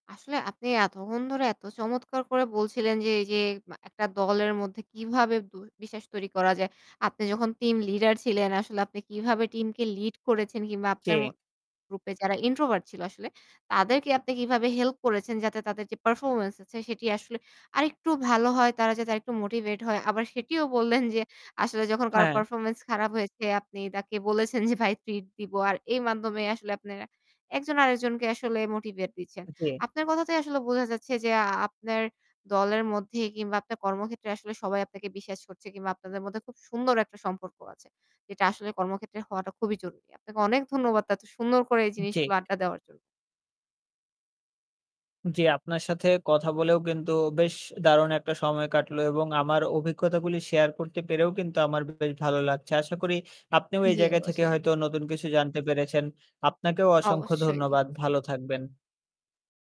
আসলে আপনি এতক্ষণ ধরে এত চমৎকার করে বলছিলেন। যে এই যে মা একটা দলের মধ্যে কিভাবে বু বিশ্বাস তৈরি করা যায়। আপনি যখন টিম লিডার ছিলেন আসলে আপনি কিভাবে টিমকে লিড করেছেন কিংবা আপনার ম কে? গ্রুপ এ যারা ইন্ট্রোভার্ট ছিল আসলে তাদেরকে আপনি কিভাবে হেল্প করেছেন যাতে তাদের যে পারফরম্যান্স আছে সেটি আসলে আরেকটু ভালো হয় তারা যাতে আরেকটু মোটিভেট হয়। আবার সেটিও বললেন যে আসলে যখন কারো হ্যাঁ। পারফরম্যান্স খারাপ হয়েছে আপনি তাকে বলেছেন যে "ভাই ট্রিট দিব।" আর এই মাধ্যমে আসলে আপনারা একজন আরেকজনকে আসলে মোটিভেট দিচ্ছেন। অ্যা জী। আপনার কথাতেই আসলে বোঝা যাচ্ছে যে আ আপনার দলের মধ্যে কিংবা আপনার কর্মক্ষেত্রে আসলে সবাই আপনাকে বিশ্বাস করছে কিংবা আপনাদের মধ্যে খুব সুন্দর একটা সম্পর্ক আছে। এটা আসলে কর্মক্ষেত্রে হওয়াটা খুবই জরুরি। আপনাকে অনেক ধন্যবাদ এত সুন্দর করে এই জেক জিনিসগুলো আড্ডা দেওয়ার জন্য। জ্বী আপনার সাথে কথা বলেও কিন্তু বেশ দারুণ একটা সময় কাটলো। এবং আমার অভিজ্ঞতাগুলি শেয়ার করতে পেরেও কিন্তু আমার বেশ ভালো লাগছে। আশা করি আপনিও এই জ্বি জায়গা থেকে অবশ্যই। হয়তো নতুন কিছু জানতে পেরেছেন। আপনাকেও অসংখ্য অবশ্যই। ধন্যবাদ ভালো থাকবেন।